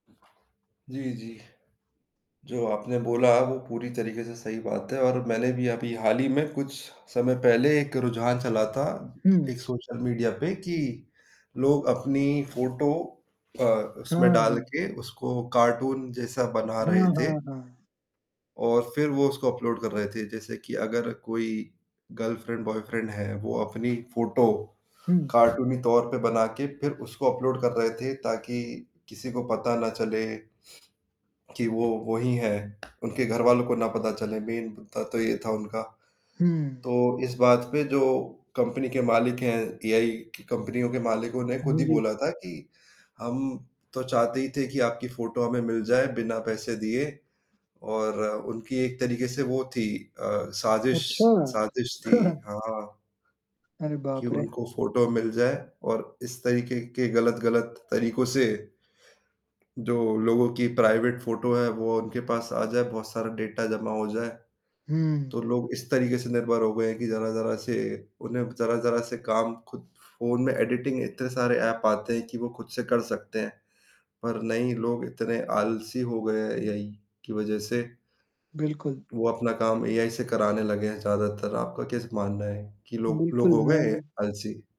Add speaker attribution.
Speaker 1: जी, जी। जो आपने बोला वो पूरी तरीके से सही बात है और मैंने भी अभी हाल ही में कुछ समय पहले एक रुझान चला था, एक
Speaker 2: हुँ।
Speaker 1: सोशल मीडिया पे कि लोग अपनी फ़ोटो अ,
Speaker 2: हाँ,
Speaker 1: उसमें डाल
Speaker 2: हाँ।
Speaker 1: के उसको कार्टून जैसा बना रहे
Speaker 2: हाँ,
Speaker 1: थे।
Speaker 2: हाँ, हाँ।
Speaker 1: और फिर वो उसको अपलोड कर रहे थे, जैसे कि अगर कोई गर्लफ्रेंड बॉयफ्रेंड है, वो अपनी फ़ोटो,
Speaker 2: हुँ।
Speaker 1: कार्टूनी तौर पे बना के फिर उसको अपलोड कर रहे थे ताकि किसी को पता ना चले कि वो वोही है, उनके घरवालों को ना पता चले। मेन मुद्दा तो ये था उनका।
Speaker 2: हुँ।
Speaker 1: तो इस बात पे जो कंपनी के मालिक हैं एआई की कंपनियों के मालिकों ने खुद
Speaker 2: हाँ,
Speaker 1: ही
Speaker 2: जी।
Speaker 1: बोला था कि हम तो चाहते ही थे कि आपकी फ़ोटो हमें मिल जाए बिना पैसे दिए और उनकी एक तरीके से वो थी अ, साज़िश
Speaker 2: अच्छा।
Speaker 1: साज़िश थी। हाँ।
Speaker 2: अरे
Speaker 1: कि
Speaker 2: बाप रे!
Speaker 1: उनको फ़ोटो मिल जाए और इस तरीके के गलत-गलत तरीकों से, जो लोगों की प्राइवेट फ़ोटो है वो उनके पास आ जाए बहुत सारा डेटा जमा हो जाए। तो
Speaker 2: हुँ।
Speaker 1: लोग इस तरीके से निर्भर हो गए हैं कि ज़रा-ज़रा से उन्हें ज़रा-ज़रा से काम खुद फ़ोन में एडिटिंग इतने सारे ऐप आते हैं कि वो खुद से कर सकते हैं, पर नहीं लोग इतने आलसी हो गए एआई की वजह से।
Speaker 2: बिल्कुल।
Speaker 1: वो अपना काम एआई से कराने लगे हैं ज़्यादातर, आपका क्या स मानना है कि लोग लोग
Speaker 2: बिल्कुल,
Speaker 1: हो गए हैं
Speaker 2: मैं
Speaker 1: आलसी?